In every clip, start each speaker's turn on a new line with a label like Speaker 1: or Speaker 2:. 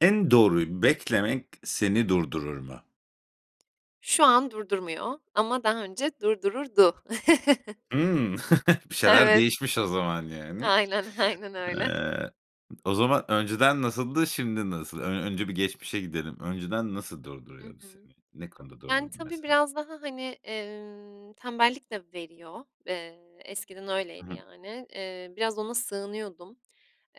Speaker 1: En doğruyu beklemek seni durdurur mu?
Speaker 2: Şu an durdurmuyor ama daha önce durdururdu.
Speaker 1: Hıı. Bir şeyler
Speaker 2: Evet.
Speaker 1: değişmiş o zaman yani.
Speaker 2: Aynen, aynen öyle.
Speaker 1: Eee, o zaman önceden nasıldı, şimdi nasıl? Ö önce bir geçmişe gidelim, önceden nasıl
Speaker 2: Hı
Speaker 1: durduruyordu
Speaker 2: hı.
Speaker 1: seni? Ne konuda
Speaker 2: Yani,
Speaker 1: durdurdu
Speaker 2: tabii,
Speaker 1: mesela?
Speaker 2: biraz daha, hani, emm, tembellik de veriyor. Eee, eskiden
Speaker 1: I
Speaker 2: öyleydi
Speaker 1: hı.
Speaker 2: yani. Eee, biraz ona sığınıyordum,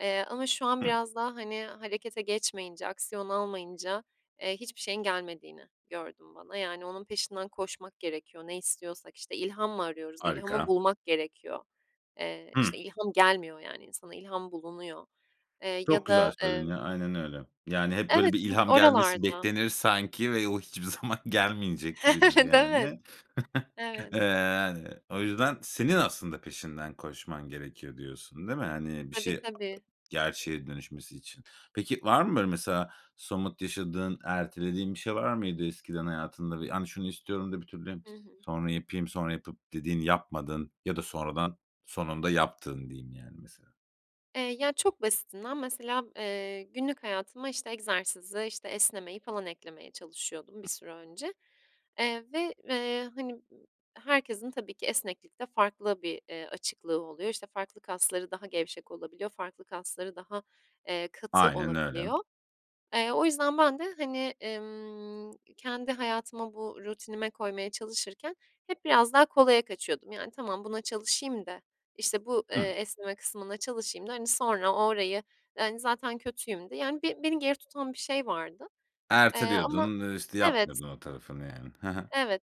Speaker 2: eee, ama şu an
Speaker 1: Hıı.
Speaker 2: biraz daha hani, harekete geçmeyince, aksiyon almayınca, eee, hiçbir şeyin gelmediğini gördüm bana. Yani onun peşinden koşmak gerekiyor, ne istiyorsak işte ilham mı arıyoruz, ilhamı
Speaker 1: Harika.
Speaker 2: bulmak gerekiyor. Eee,
Speaker 1: Hıı.
Speaker 2: işte ilham gelmiyor yani insana, ilham bulunuyor, eee,
Speaker 1: Çok
Speaker 2: ya
Speaker 1: güzel
Speaker 2: da
Speaker 1: söyledin
Speaker 2: emm
Speaker 1: ya, aynen öyle. Yani hep böyle
Speaker 2: Evet
Speaker 1: bir
Speaker 2: çünkü
Speaker 1: ilham gelmesi
Speaker 2: oralarda.
Speaker 1: beklenir sanki ve o hiçbir zaman gelmeyecek gibidir
Speaker 2: Evet, evet,
Speaker 1: yani.
Speaker 2: evet.
Speaker 1: Eee, yani o yüzden senin aslında peşinden koşman gerekiyor diyorsun, değil mi? Hani, bir
Speaker 2: Tabii,
Speaker 1: şey
Speaker 2: tabii.
Speaker 1: gerçeğe dönüşmesi için. Peki var mı böyle mesela somut yaşadığın, ertelediğin bir şey var mıydı eskiden hayatında? Yani şunu istiyorum da bir türlü
Speaker 2: Hı hı.
Speaker 1: sonra yapayım, sonra yapıp dediğin, yapmadın ya da sonradan, sonunda yaptığın diyeyim yani mesela.
Speaker 2: Eee, ya çok basitinden mesela, eee, günlük hayatıma işte egzersizi, işte esnemeyi falan eklemeye çalışıyordum bir
Speaker 1: [unintelligible]
Speaker 2: süre önce. Eee, ve, eee, hani, ııı, herkesin tabii ki esneklikte farklı bir, eee, açıklığı oluyor. İşte farklı kasları daha gevşek olabiliyor, farklı kasları daha, eee, katı
Speaker 1: Aynen öyle.
Speaker 2: olabiliyor. Eee, o yüzden ben de hani, ımm, kendi hayatıma bu rutinime koymaya çalışırken hep biraz daha kolaya kaçıyordum. Yani tamam buna çalışayım da işte bu, eee,
Speaker 1: Hıı.
Speaker 2: esneme kısmına çalışayım da hani, sonra orayı zaten kötüyüm de yani be beni geri tutan bir şey vardı, eee, ama
Speaker 1: Erteliyordun, ııı, işte
Speaker 2: evet.
Speaker 1: yapmıyordun o tarafını yani. Hı hı.
Speaker 2: Evet,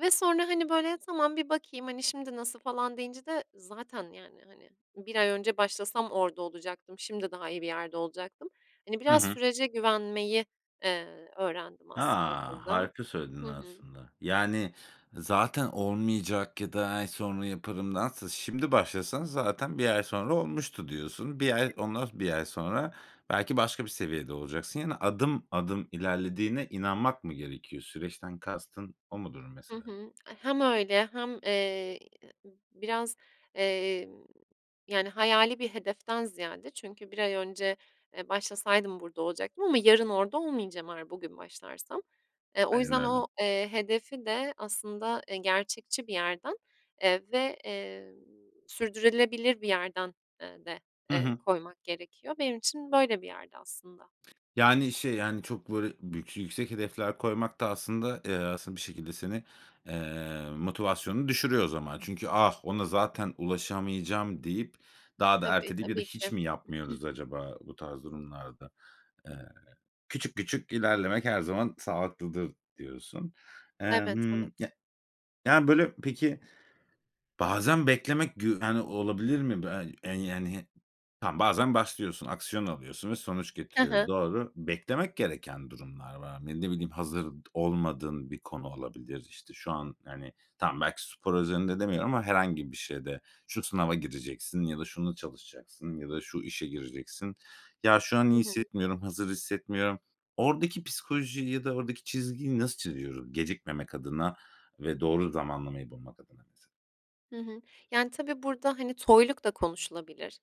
Speaker 2: ve sonra hani, böyle tamam, bir bakayım hani, şimdi nasıl falan deyince de zaten yani hani, 1 ay önce başlasam orada olacaktım, şimdi daha iyi bir yerde olacaktım. Hani,
Speaker 1: Hı
Speaker 2: biraz
Speaker 1: hı.
Speaker 2: sürece güvenmeyi, eee, öğrendim aslında
Speaker 1: A!
Speaker 2: burada.
Speaker 1: Harika söyledin
Speaker 2: Hı hı.
Speaker 1: aslında, yani zaten olmayacak ya da ay sonra yaparımdansa, şimdi başlasan zaten 1 ay sonra olmuştu diyorsun. 1 ay, ondan 1 ay sonra belki başka bir seviyede olacaksın. Yani adım adım ilerlediğine inanmak mı gerekiyor? Süreçten kastın o mudur
Speaker 2: Hı
Speaker 1: mesela?
Speaker 2: hı. Hem öyle hem, eee, biraz, emm, yani hayali bir hedeften ziyade çünkü 1 ay önce, eee, başlasaydım burada olacaktım ama yarın orada olmayacağım eğer bugün başlarsam. Eee, o
Speaker 1: Aynen
Speaker 2: yüzden o,
Speaker 1: öyle.
Speaker 2: eee, hedefi de aslında, eee, gerçekçi bir yerden, eee, ve, eee, sürdürülebilir bir yerden, eee, de,
Speaker 1: Hı
Speaker 2: eee,
Speaker 1: hı.
Speaker 2: koymak gerekiyor. Benim için böyle bir yerdi aslında.
Speaker 1: Yani şey yani çok böyle bük yüksek hedefler koymak da aslında, eee, aslında bir şekilde seni, eee, motivasyonunu düşürüyor o zaman. Çünkü "Ah, ona zaten ulaşamayacağım" deyip daha da
Speaker 2: Tabii,
Speaker 1: erteleyip ya da
Speaker 2: tabii
Speaker 1: hiç
Speaker 2: ki.
Speaker 1: mi yapmıyoruz acaba bu tarz durumlarda? Eee, küçük küçük
Speaker 2: Hı hı.
Speaker 1: ilerlemek her zaman sağlıklıdır diyorsun. Eee,
Speaker 2: Evet,
Speaker 1: hımm,
Speaker 2: evet.
Speaker 1: ya yani böyle peki bazen beklemek gü yani olabilir mi? [unintelligible] Yani, tamam bazen başlıyorsun, aksiyon alıyorsun ve sonuç
Speaker 2: Hı
Speaker 1: getiriyor.
Speaker 2: hı.
Speaker 1: Doğru. Beklemek gereken durumlar var. Ne ne bileyim, hazır olmadığın bir konu olabilir. İşte şu an yani tamam, belki spor özelinde demiyorum ama herhangi bir şeyde şu sınava gireceksin ya da şunu çalışacaksın ya da şu işe gireceksin. Ya, şu an
Speaker 2: Hı
Speaker 1: iyi
Speaker 2: hı.
Speaker 1: hissetmiyorum, hazır hissetmiyorum. Oradaki psikolojiyi ya da oradaki çizgiyi nasıl çiziyoruz? Gecikmemek adına ve doğru zamanlamayı bulmak adına mesela?
Speaker 2: Hı hı. Yani tabii burada hani toyluk da konuşulabilir,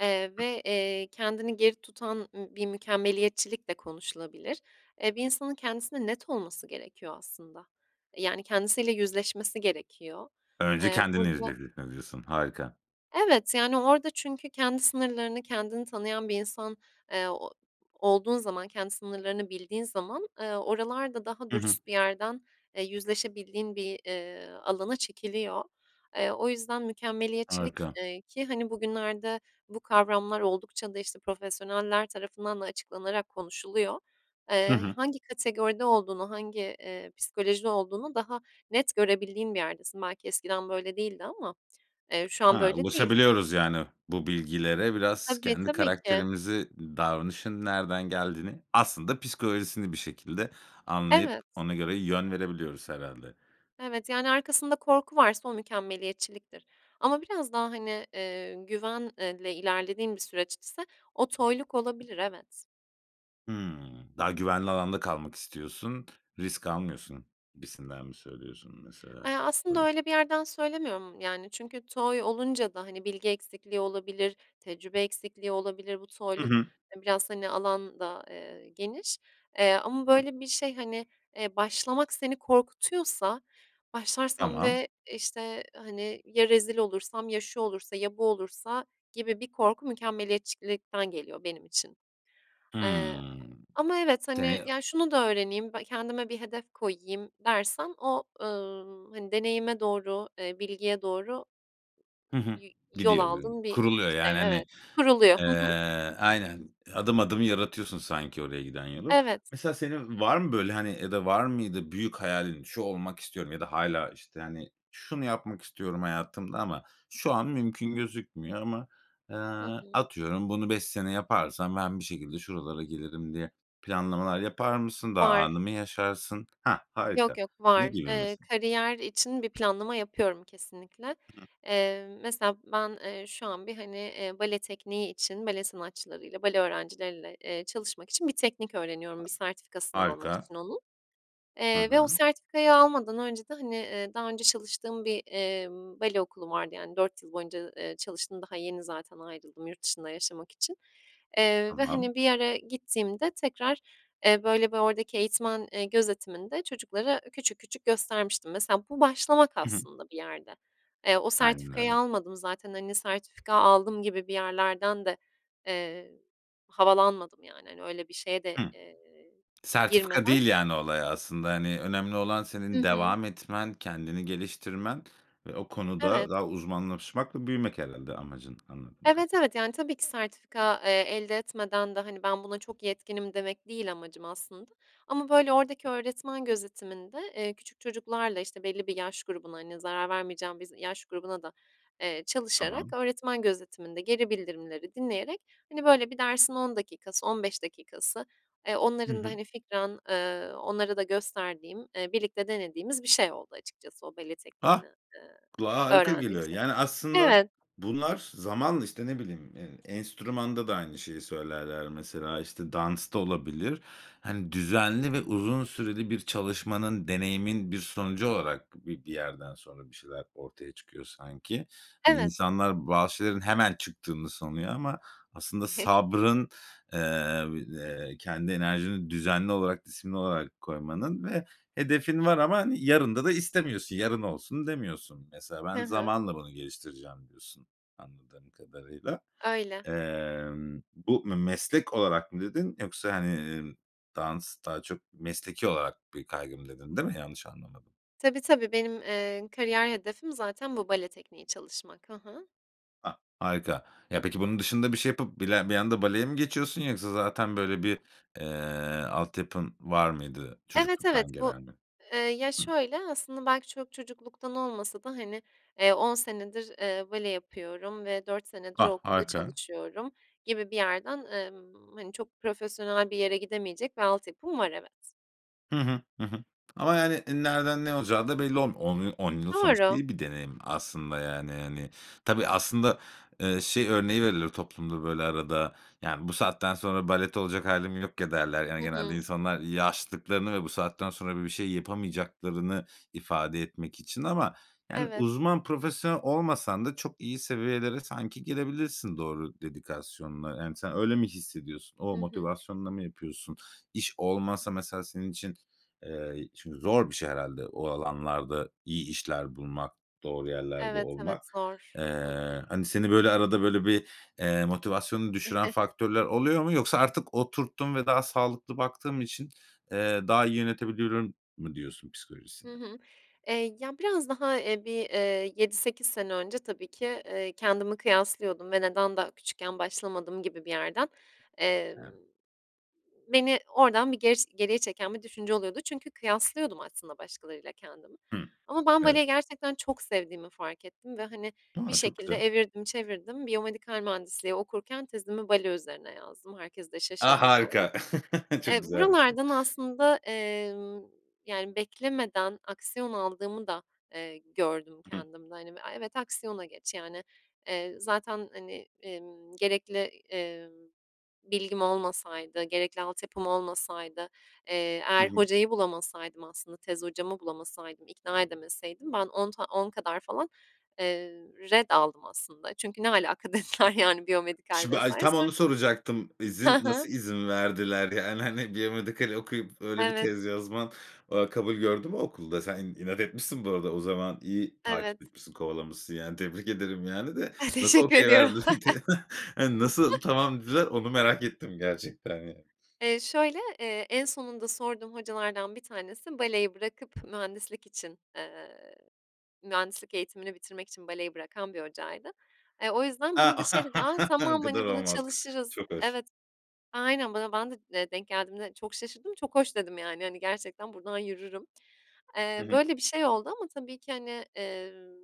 Speaker 2: eee,
Speaker 1: [unintelligible]
Speaker 2: ve, eee, kendini geri tutan ı bir mükemmeliyetçilik de konuşulabilir. Eee, bir insanın kendisine net olması gerekiyor aslında, eee, yani kendisiyle yüzleşmesi gerekiyor.
Speaker 1: Önce
Speaker 2: Eee,
Speaker 1: kendini
Speaker 2: burada
Speaker 1: [unintelligible] diyorsun. Harika.
Speaker 2: Evet, yani orada çünkü kendi sınırlarını, kendini tanıyan bir insan, eee, o olduğun zaman, kendi sınırlarını bildiğin zaman, eee, oralar da daha
Speaker 1: I hı.
Speaker 2: dürüst bir yerden, eee, yüzleşebildiğin bir, eee, alana çekiliyor. Eee, o yüzden mükemmeliyetçilik,
Speaker 1: Harika.
Speaker 2: eee, ki hani, bugünlerde bu kavramlar oldukça da işte profesyoneller tarafından da açıklanarak konuşuluyor.
Speaker 1: Hı
Speaker 2: Eee, h
Speaker 1: hı.
Speaker 2: hangi kategoride olduğunu, hangi, eee, psikolojide olduğunu daha net görebildiğin bir yerdesin. Belki eskiden böyle değildi ama, eee, şu an
Speaker 1: Ha,
Speaker 2: böyle değil.
Speaker 1: ulaşabiliyoruz yani bu bilgilere. Biraz
Speaker 2: Tabii,
Speaker 1: kendi
Speaker 2: tabii ki.
Speaker 1: karakterimizi, davranışın nereden geldiğini, aslında psikolojisini bir şekilde anlayıp
Speaker 2: Evet.
Speaker 1: ona göre yön verebiliyoruz herhâlde.
Speaker 2: Evet, yani arkasında korku varsa o mükemmeliyetçiliktir ama biraz daha hani, eee, güven eee, le ilerlediğim bir süreç ise o toyluk olabilir. Evet.
Speaker 1: Hımm, daha güvenli alanda kalmak istiyorsun, risk almıyorsun gibisinden mi söylüyorsun, mesela?
Speaker 2: Eee, aslında
Speaker 1: Böyle
Speaker 2: öyle bir yerden söylemiyorum. Yani, çünkü toy olunca da, hani, bilgi eksikliği olabilir, tecrübe eksikliği olabilir. Bu
Speaker 1: Hı
Speaker 2: toyluk,
Speaker 1: hı.
Speaker 2: eee, biraz, hani, alan da, eee, geniş. Eee, ama
Speaker 1: Hı hı.
Speaker 2: böyle bir şey, hani, eee, başlamak seni korkutuyorsa, "Başlarsam
Speaker 1: Tamam.
Speaker 2: ve, işte, hani, ya rezil olursam, ya şu olursa, ya bu olursa." gibi bir korku mükemmeliyetçilikten geliyor benim için. Eee,
Speaker 1: Hımm.
Speaker 2: ama evet, hani,
Speaker 1: [unintelligible]
Speaker 2: "Ya, şunu da öğreneyim, b kendime bir hedef koyayım." dersen o, ııı, hani, deneyime doğru, eee, bilgiye doğru
Speaker 1: Hı hı.
Speaker 2: yi yol
Speaker 1: Gidiyor böyl
Speaker 2: aldığın bir
Speaker 1: kuruluyor,
Speaker 2: şey
Speaker 1: yani, hani,
Speaker 2: Evet. Kuruluyor, hı hı.
Speaker 1: eee Aynen, eee, adım adım yaratıyorsun sanki oraya giden yolu.
Speaker 2: Evet.
Speaker 1: Mesela senin var mı böyle, hani, ya da var mıydı büyük hayalin, "Şu olmak istiyorum." ya da hâlâ, işte, hani, "Şunu yapmak istiyorum hayatımda ama şu an mümkün gözükmüyor ama, eee,
Speaker 2: Hı hı.
Speaker 1: atıyorum bunu 5 sene yaparsam ben bir şekilde şuralara gelirim." diye planlamalar yapar mısın? Daha
Speaker 2: Var.
Speaker 1: anı mı yaşarsın? Hah! Harika.
Speaker 2: Yok, yok.
Speaker 1: Ne
Speaker 2: Var.
Speaker 1: gibi
Speaker 2: Eee,
Speaker 1: mesela?
Speaker 2: kariyer için bir planlama yapıyorum kesinlikle.
Speaker 1: [unintelligible]
Speaker 2: Eee, mesela ben, eee, şu an bir, hani, eee, bale tekniği için bale sanatçılarıyla, bale öğrencileriyle, eee, çalışmak için bir teknik öğreniyorum, bir sertifikasını almak
Speaker 1: Harika.
Speaker 2: için onun.
Speaker 1: Hı
Speaker 2: Eee, ve o
Speaker 1: hı.
Speaker 2: sertifikayı almadan önce de, hani, eee, daha önce çalıştığım bir, emm, bale okulu vardı. Yani, 4 yıl boyunca, eee, çalıştım, daha yeni zaten ayrıldım yurt dışında yaşamak için. Eee, ve,
Speaker 1: Tamam.
Speaker 2: hani, bir yere gittiğimde tekrar, eee, böyle, bir oradaki eğitmen, eee, gözetiminde çocuklara küçük küçük göstermiştim. Mesela bu başlamak
Speaker 1: Hı hı.
Speaker 2: aslında bir yerde. Eee, o
Speaker 1: Aynen
Speaker 2: sertifikayı
Speaker 1: öyle.
Speaker 2: almadım zaten, hani, sertifika aldım gibi bir yerlerden de, eee, havalanmadım, yani, öyle bir şeye de,
Speaker 1: Hı.
Speaker 2: eee,
Speaker 1: Sertifika
Speaker 2: girmeden
Speaker 1: değil, yani, olay aslında, hani, önemli olan
Speaker 2: I
Speaker 1: senin
Speaker 2: hı.
Speaker 1: devam etmen, kendini geliştirmen ve o
Speaker 2: Evet.
Speaker 1: konuda daha uzmanlaşmak ve büyümek herhâlde amacın anladığım
Speaker 2: Evet,
Speaker 1: kadarıy
Speaker 2: evet. Yani, tabii ki sertifika, eee, elde etmeden de, hani, "Ben, buna çok yetkinim." demek değil amacım aslında. Ama, böyle, oradaki öğretmen gözetiminde, eee, küçük çocuklarla, işte, belli bir yaş grubuna hani, zarar vermeyeceğim bir z yaş grubuna da, eee, çalışarak,
Speaker 1: Tamam.
Speaker 2: öğretmen gözetiminde geri bildirimleri dinleyerek, hani, böyle bir dersin 10 dakikası, 15 dakikası, eee,
Speaker 1: Hı
Speaker 2: onların da,
Speaker 1: hı.
Speaker 2: hani, fikren, eee, onlara da gösterdiğim, eee, birlikte denediğimiz bir şey oldu açıkçası o bale
Speaker 1: Hah!
Speaker 2: tekniğinden, eee,
Speaker 1: Kulağa harika
Speaker 2: öğrendiğim
Speaker 1: geliyor.
Speaker 2: şey.
Speaker 1: Yani, aslında
Speaker 2: Evet.
Speaker 1: bunlar zamanla, işte, ne bileyim, eee, enstrümanda da aynı şeyi söylerler mesela, işte, dansta olabilir. Hani, düzenli ve uzun süreli bir çalışmanın, deneyimin bir sonucu olarak bi bir yerden sonra bir şeyler ortaya çıkıyor sanki. Hani,
Speaker 2: Evet.
Speaker 1: insanlar bazı şeylerin hemen çıktığını sanıyor ama aslında sabrın, eee, vi eee, kendi enerjini düzenli olarak, disiplinli olarak koymanın ve hedefin var ama yarında da istemiyorsun. Yarın olsun demiyorsun. Mesela,
Speaker 2: Hı
Speaker 1: "Ben,
Speaker 2: hı.
Speaker 1: zamanla bunu geliştireceğim." diyorsun anladığım kadarıyla.
Speaker 2: Öyle.
Speaker 1: Emm, bu "m meslek olarak" mı dedin yoksa, hani, iii, "Dans daha çok mesleki olarak bir kaygım." dedin, değil mi yanlış anlamadım?
Speaker 2: Tabii, tabii. Benim, eee, kariyer hedefim zaten bu, bale tekniği çalışmak. Hı hı.
Speaker 1: A! Harika, ya, peki, bunun dışında bir şey yapıp bile bir anda baleye mi geçiyorsun yoksa zaten, böyle, bir, eee, altyapın var mıydı
Speaker 2: Evet, evet,
Speaker 1: çocukluktan
Speaker 2: bu
Speaker 1: gelen?
Speaker 2: Eee, ya,
Speaker 1: Hı.
Speaker 2: şöyle, aslında, belki çok çocukluktan olmasa da, hani, eee, 10 senedir, eee, bale yapıyorum ve 4 senedir o
Speaker 1: Ah,
Speaker 2: okulda
Speaker 1: harika.
Speaker 2: çalışıyorum gibi bir yerden, emm, hani, çok profesyonel bir yere gidemeyecek bir altyapım var, evet.
Speaker 1: Hı hı, hı hı. Ama, yani, nereden ne olacağı da belli olm On yıl 10 yıl sonuçta
Speaker 2: Doğru.
Speaker 1: iyi bir deneyim aslında, yani, hani. Tabii, aslında, eee, şey örneği verilir toplumda, böyle, arada, yani, "Bu saatten sonra balet olacak hâlim yok ya." derler.
Speaker 2: Hı
Speaker 1: Yani, genelde
Speaker 2: hı.
Speaker 1: insanlar yaşlılıklarını ve bu saatten sonra böyle bir şey yapamayacaklarını ifade etmek için. Ama, yani,
Speaker 2: Evet.
Speaker 1: uzman, profesyonel olmasan da çok iyi seviyelere sanki gelebilirsin doğru dedikasyonla. Yani, sen öyle mi hissediyorsun? O
Speaker 2: Hı hı.
Speaker 1: motivasyonla mı yapıyorsun? İş olmasa mesela senin için eee, çünkü zor bir şey herhâlde o alanlarda iyi işler bulmak, doğru yerlerde
Speaker 2: Evet,
Speaker 1: olmak.
Speaker 2: evet, zor. Hı
Speaker 1: Eee,
Speaker 2: hı.
Speaker 1: hani, seni, böyle, arada, böyle, bir, eee, motivasyonunu düşüren faktörler oluyor mu? Yoksa artık oturttum ve daha sağlıklı baktığım için, eee, daha iyi yönetebiliyorum mu diyorsun psikolojisine?
Speaker 2: Hı hı. Eee, ya, biraz daha, eee, bir, eee, 7-8 sene önce tabii ki, eee, kendimi kıyaslıyordum ve neden daha küçükken başlamadım gibi bir yerden, emm,
Speaker 1: Evet.
Speaker 2: beni oradan bir gers geriye çeken bir düşünce oluyordu çünkü kıyaslıyordum aslında başkalarıyla kendimi.
Speaker 1: Hı.
Speaker 2: Ama ben
Speaker 1: Evet.
Speaker 2: baleyi gerçekten çok sevdiğimi fark ettim ve, hani, bir
Speaker 1: A! Çok
Speaker 2: şekilde
Speaker 1: güzel.
Speaker 2: evirdim çevirdim. Biyomedikal mühendisliği okurken tezimi bale üzerine yazdım, herkes de
Speaker 1: A,
Speaker 2: şaşırdı falan.
Speaker 1: harika! Çok
Speaker 2: Eee,
Speaker 1: güzelmiş bu.
Speaker 2: buralardan aslında, emm, yani, beklemeden aksiyon aldığımı da, eee, gördüm
Speaker 1: Hı.
Speaker 2: kendimde. Hani, b "A, evet, aksiyona geç." yani, eee, zaten hani, emm, gerekli, emm, bilgim olmasaydı, gerekli altyapım olmasaydı, eee,
Speaker 1: Hı
Speaker 2: eğer
Speaker 1: hı.
Speaker 2: hocayı bulamasaydım aslında, tez hocamı bulamasaydım, ikna edemeseydim ben on ta 10 kadar falan, eee, ret aldım aslında. Çünkü "ne alaka?" dediler, yani, biyomedikal
Speaker 1: Şimdi
Speaker 2: vs.
Speaker 1: ay, tam
Speaker 2: Sonra
Speaker 1: onu soracaktım. İzin
Speaker 2: Ha ha.
Speaker 1: nasıl izin verdiler? Yani, hani, biyomedikal okuyup öyle bir
Speaker 2: Evet.
Speaker 1: tez yazman, aaa, kabul gördü mü okulda? Sen inat etmişsin bu arada o zaman. İyi takip
Speaker 2: Evet.
Speaker 1: etmişsin, kovalamışsın, yani, tebrik ederim, yani, de nasıl
Speaker 2: Teşekkür
Speaker 1: okay
Speaker 2: ediyorum.
Speaker 1: verdi t Eee, nasıl, "tamam" dediler, onu merak ettim gerçekten, yani.
Speaker 2: Eee, şöyle, eee, en sonunda sorduğum hocalardan 1 tanesi baleyi bırakıp mühendislik için eee, mühendislik eğitimini bitirmek için baleyi bırakan bir hocaydı. Eee, o yüzden
Speaker 1: A!
Speaker 2: bana da şey dedi, "A,
Speaker 1: Bu
Speaker 2: tamam,
Speaker 1: kadar
Speaker 2: hani, bunu
Speaker 1: olmaz.
Speaker 2: çalışırız."
Speaker 1: Çok hoş.
Speaker 2: Evet, aynen. Bana ben de, eee, denk geldiğimde çok şaşırdım. "çok hoş" dedim, yani, hani, gerçekten buradan yürürüm.
Speaker 1: Hı
Speaker 2: Eee,
Speaker 1: hı.
Speaker 2: böyle bir şey oldu ama tabii ki hani, emm,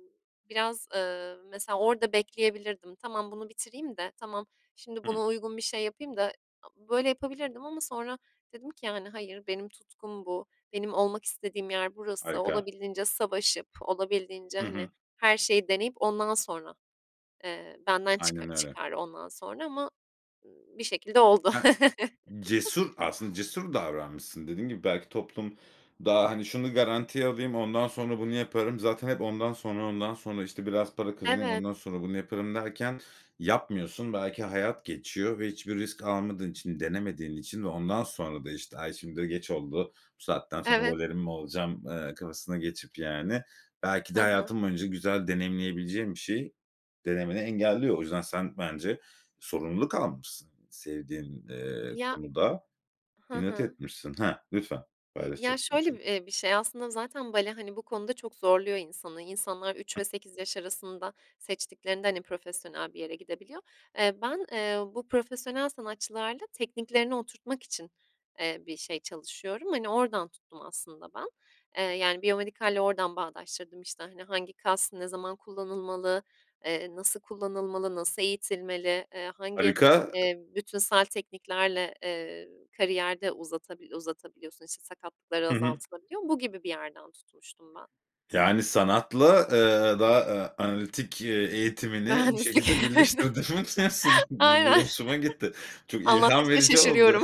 Speaker 2: biraz, ııı, mesela orada bekleyebilirdim. "Tamam, bunu bitireyim de. Tamam, şimdi
Speaker 1: Hı.
Speaker 2: buna uygun bir şey yapayım da." böyle yapabilirdim ama sonra dedim ki, yani, "Hayır, benim tutkum bu, benim olmak istediğim yer burası,
Speaker 1: Harika.
Speaker 2: olabildiğince savaşıp olabildiğince,
Speaker 1: Hı
Speaker 2: hani,
Speaker 1: hı.
Speaker 2: her şeyi deneyip ondan sonra, eee, benden çıka
Speaker 1: Aynen öyle.
Speaker 2: çıkar ondan sonra." ama bir şekilde oldu.
Speaker 1: Evet. Cesur aslında cesur davranmışsın. Dediğin gibi belki toplum daha, hani, "Şunu garantiye alayım, ondan sonra bunu yaparım." zaten hep ondan sonra, ondan sonra, işte, "Biraz para kazanayım,
Speaker 2: Evet.
Speaker 1: ondan sonra bunu yaparım." derken yapmıyorsun. Belki hayat geçiyor ve hiçbir risk almadığın için, denemediğin için ve ondan sonra da, işte, "Ay, şimdi de geç oldu, bu saatten sonra
Speaker 2: Evet.
Speaker 1: balerin mi olacağım?" eee, kafasına geçip, yani, belki
Speaker 2: Hı
Speaker 1: de
Speaker 2: hı.
Speaker 1: hayatın boyunca güzel deneyimleyebileceğin bir şeyi denemeni engelliyor. O yüzden sen bence sorumluluk almışsın. Sevdiğin, eee,
Speaker 2: Ya
Speaker 1: konuda
Speaker 2: Hı
Speaker 1: inat
Speaker 2: hı.
Speaker 1: etmişsin. Ha, lütfen.
Speaker 2: İ ya,
Speaker 1: Paylaşacaktım
Speaker 2: şöyle, bi
Speaker 1: şeyi de
Speaker 2: eee, bir şey aslında zaten bale, hani, bu konuda çok zorluyor insanı. İnsanlar 3 ve
Speaker 1: [unintelligible]
Speaker 2: 8 yaş arasında seçtiklerinde, hani, profesyonel bir yere gidebiliyor. Eee, ben, eee, bu profesyonel sanatçılarla tekniklerini oturtmak için, eee, bir şey çalışıyorum. Hani, oradan tuttum aslında ben. Eee, yani, biyomedikalle oradan bağdaştırdım işte. Hani, hangi kas ne zaman kullanılmalı, eee, nasıl kullanılmalı, nasıl eğitilmeli, eee, hangi,
Speaker 1: Harika.
Speaker 2: eee, bütünsel tekniklerle, eee, kariyer de uzatabil uzatabiliyorsun, işte, sakatlıkları
Speaker 1: Hı hı.
Speaker 2: azaltılabiliyor. Bu gibi bir yerden tutmuştum ben.
Speaker 1: Yani, sanatla, eee, daha, ııı, analitik, eee, eğitimini bir
Speaker 2: Mühendislik.
Speaker 1: şekilde
Speaker 2: Evet.
Speaker 1: birleştirdin [unintelligible] bu
Speaker 2: Aynen.
Speaker 1: bu hoşuma gitti. Çok ilham
Speaker 2: Anlattıkça
Speaker 1: verici oldu.
Speaker 2: şaşırıyorum.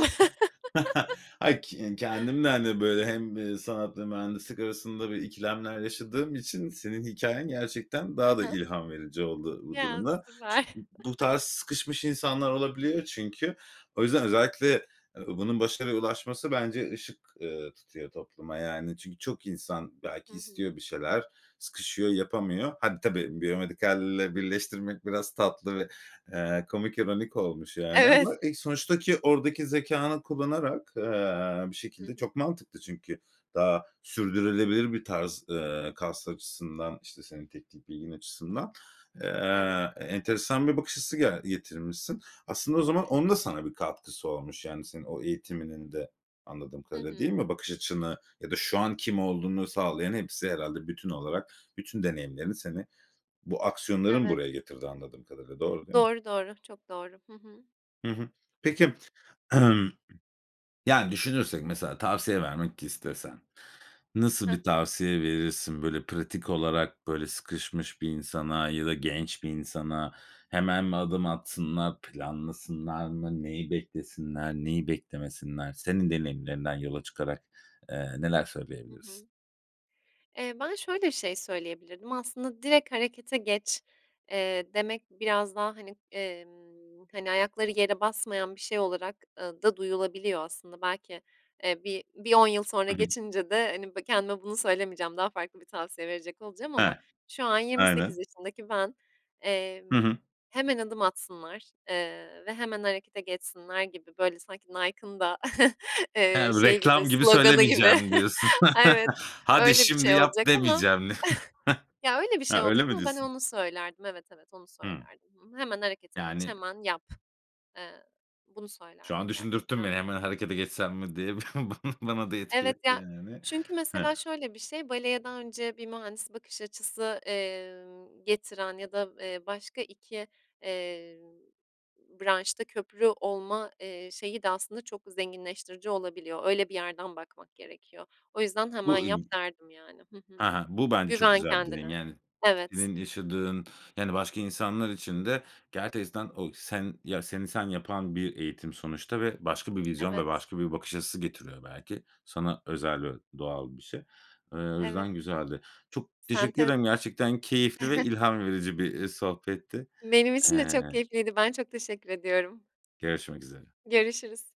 Speaker 1: Ay, k kendim de, hani, böyle hem sanat hem mühendislik arasında bir ikilemler yaşadığım için senin hikâyen gerçekten
Speaker 2: Hı
Speaker 1: daha da
Speaker 2: hı.
Speaker 1: ilham verici oldu bu
Speaker 2: Ya,
Speaker 1: duruma. Ç
Speaker 2: süper.
Speaker 1: [unintelligible] bu tarz sıkışmış insanlar olabiliyor çünkü o yüzden özellikle, ııı, bunun başarıya ulaşması bence ışık, eee, tutuyor topluma, yani, çünkü çok insan
Speaker 2: Hı
Speaker 1: belki
Speaker 2: hı.
Speaker 1: istiyor bir şeyler, sıkışıyor, yapamıyor Hadi, tabii, biyomedikalle birleştirmek biraz tatlı ve, eee, komik, ironik olmuş yani ama,
Speaker 2: Evet.
Speaker 1: e, sonuçtaki oradaki zekânı kullanarak, eee, bir
Speaker 2: Hı
Speaker 1: şekilde
Speaker 2: hı.
Speaker 1: çok mantıklı çünkü daha sürdürülebilir bir tarz, eee, kas açısından, işte, senin teknik bilgin açısından.
Speaker 2: Evet.
Speaker 1: Eee, enteresan bir bakış açısı g getirmişsin. Aslında o
Speaker 2: Hı
Speaker 1: zaman
Speaker 2: hı.
Speaker 1: onun da sana bir katkısı olmuş yani senin o eğitiminin de anladığım
Speaker 2: Hı
Speaker 1: kadarıyla, değil
Speaker 2: hı.
Speaker 1: mi? Bakış açını ya da şu an kim olduğunu sağlayan hepsi herhâlde bütün olarak, bütün deneyimlerin seni bu aksiyonların
Speaker 2: Evet.
Speaker 1: buraya getirdi anladığım kadarıyla. Doğru, değil mi?
Speaker 2: Doğru, doğru, çok doğru. Hı hı.
Speaker 1: Hı hı. Peki Yani, düşünürsek mesela tavsiye vermek istesen nasıl
Speaker 2: Hı
Speaker 1: bir
Speaker 2: hı.
Speaker 1: tavsiye verirsin? Böyle, pratik olarak, böyle, sıkışmış bir insana ya da genç bir insana. Hemen mi adım atsınlar, planlasınlar mı? Neyi beklesinler, neyi beklemesinler? Senin deneyimlerinden yola çıkarak, eee, neler
Speaker 2: Hı
Speaker 1: söyleyebilirsin?
Speaker 2: hı. Eee, ben şöyle bir şey söyleyebilirdim, aslında, "direkt harekete geç" eee, demek biraz daha hani, emm, hani, ayakları yere basmayan bir şey olarak, ııı, da duyulabiliyor aslında. Belki, eee, bir bir 10 yıl sonra
Speaker 1: Hı hı.
Speaker 2: geçince de, hani, kendime bunu söylemeyeceğim, daha farklı bir tavsiye verecek olacağım ama
Speaker 1: Ha.
Speaker 2: şu an 28
Speaker 1: Aynen.
Speaker 2: yaşındaki ben, emm,
Speaker 1: Hı hı.
Speaker 2: "Hemen adım atsınlar, eee, ve hemen harekete geçsinler." gibi böyle sanki Nike'ın da, eee,
Speaker 1: He, bu
Speaker 2: şeyi gibi
Speaker 1: "reklam gibi
Speaker 2: sloganı gibi.
Speaker 1: söylemeyeceğim" diyorsun.
Speaker 2: Evet,
Speaker 1: "Hadi
Speaker 2: öyle bir
Speaker 1: şimdi
Speaker 2: şey
Speaker 1: yap."
Speaker 2: olacak ama
Speaker 1: demeyeceğim.
Speaker 2: Ya, öyle bir şey
Speaker 1: Ha, öyle
Speaker 2: olacak
Speaker 1: mi
Speaker 2: ama ben
Speaker 1: diyorsun?
Speaker 2: onu söylerdim. Evet, evet, onu
Speaker 1: Hımm.
Speaker 2: söylerdim. Hı, "Hemen harekete geç,
Speaker 1: Yani
Speaker 2: hemen yap." Eee, bunu
Speaker 1: Şu an
Speaker 2: söylerdim
Speaker 1: düşündürttün beni,
Speaker 2: gerçekten de.
Speaker 1: "Hemen harekete geçsem mi?" diye. Bana da etki
Speaker 2: Evet,
Speaker 1: etti,
Speaker 2: ya
Speaker 1: yani.
Speaker 2: çünkü mesela
Speaker 1: Hıh.
Speaker 2: şöyle bir şey, baleye daha önce bir mühendis bakış açısı, emm, getiren ya da, eee, başka 2, eee, branşta köprü olma, eee, şeyi de aslında çok zenginleştirici olabiliyor. Öyle bir yerden bakmak gerekiyor. O yüzden "hemen
Speaker 1: Bu
Speaker 2: yap"
Speaker 1: ü
Speaker 2: derdim, yani. Hı hı.
Speaker 1: Ha ha. Bu bence çok
Speaker 2: Güven
Speaker 1: güzel bir denge,
Speaker 2: kendine.
Speaker 1: yani.
Speaker 2: Evet.
Speaker 1: Senin yaşadığın yani, başka insanlar için de gerçekten o sen ya, seni sen yapan bir eğitim sonuçta ve başka bir vizyon ve
Speaker 2: Evet.
Speaker 1: başka bir bakış açısı getiriyor belki. Sana özel ve doğal bir şey. Eee, o
Speaker 2: Evet.
Speaker 1: yüzden güzeldi. Çok teşekkür
Speaker 2: Sentez.
Speaker 1: ederim. Gerçekten keyifli ve ilham verici bir, eee, sohbetti.
Speaker 2: Benim için de
Speaker 1: Eee
Speaker 2: çok keyifliydi. Ben çok teşekkür ediyorum.
Speaker 1: Görüşmek üzere.
Speaker 2: Görüşürüz.